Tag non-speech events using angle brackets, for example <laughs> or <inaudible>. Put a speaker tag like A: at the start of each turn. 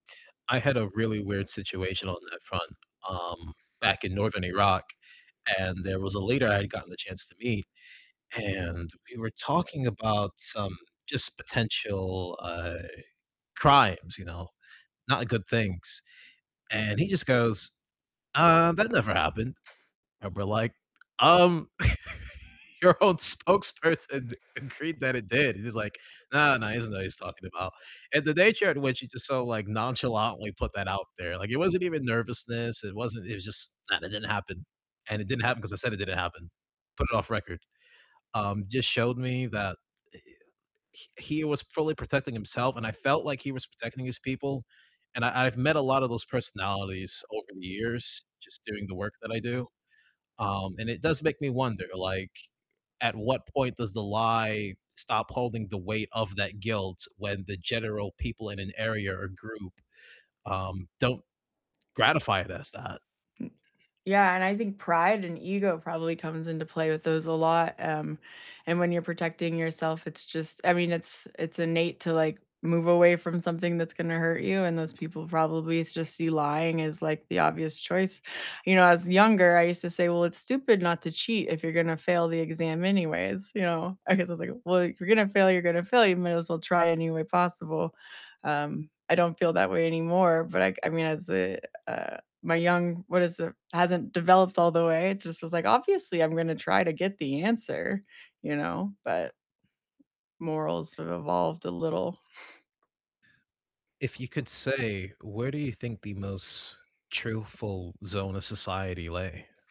A: I had a really weird situation on that front, um, back in northern Iraq, and there was a leader I had gotten the chance to meet, and we were talking about some just potential, uh, crimes, you know, not good things, and he just goes, "Uh, that never happened." And we're like, "Um, <laughs> your own spokesperson agreed that it did." And he's like, "Nah, nah, he doesn't know what he's talking about." And the nature in which he just so, like, nonchalantly put that out there, like, it wasn't even nervousness, it wasn't it was just, "Nah, that didn't happen, and it didn't happen 'cause I said it didn't happen. Put it off record." Um, just showed me that, eh, he he was fully protecting himself, and I felt like he was protecting his people, and I I've met a lot of those personalities over the years just doing the work that I do. Um, and it does make me wonder, like, at what point does the lie stop holding the weight of that guilt when the general people in an area or group, um, don't gratify it as that?
B: Mm, yeah, and I think pride and ego probably comes into play with those a lot, um, and when you're protecting yourself, it's just I mean, it's it's innate to, like, move away from something that's gonna hurt you, and those people probably just see lying as, like, the obvious choice. You know, as younger, I used to say, "Well, it's stupid not to cheat if you're gonna fail the exam anyways," you know? I guess I was like, "Well, if you're gonna fail, you're gonna fail, you might as well try any way possible." Um, I don't feel that way anymore, but I g I mean, as a, uh, my young what is it hasn't developed all the way. It just was like, "Obviously, I'm gonna try to get the answer." You know, but morals have evolved a little. <scoffs>
A: If you could say, where do you think the most truthful zone of society lay?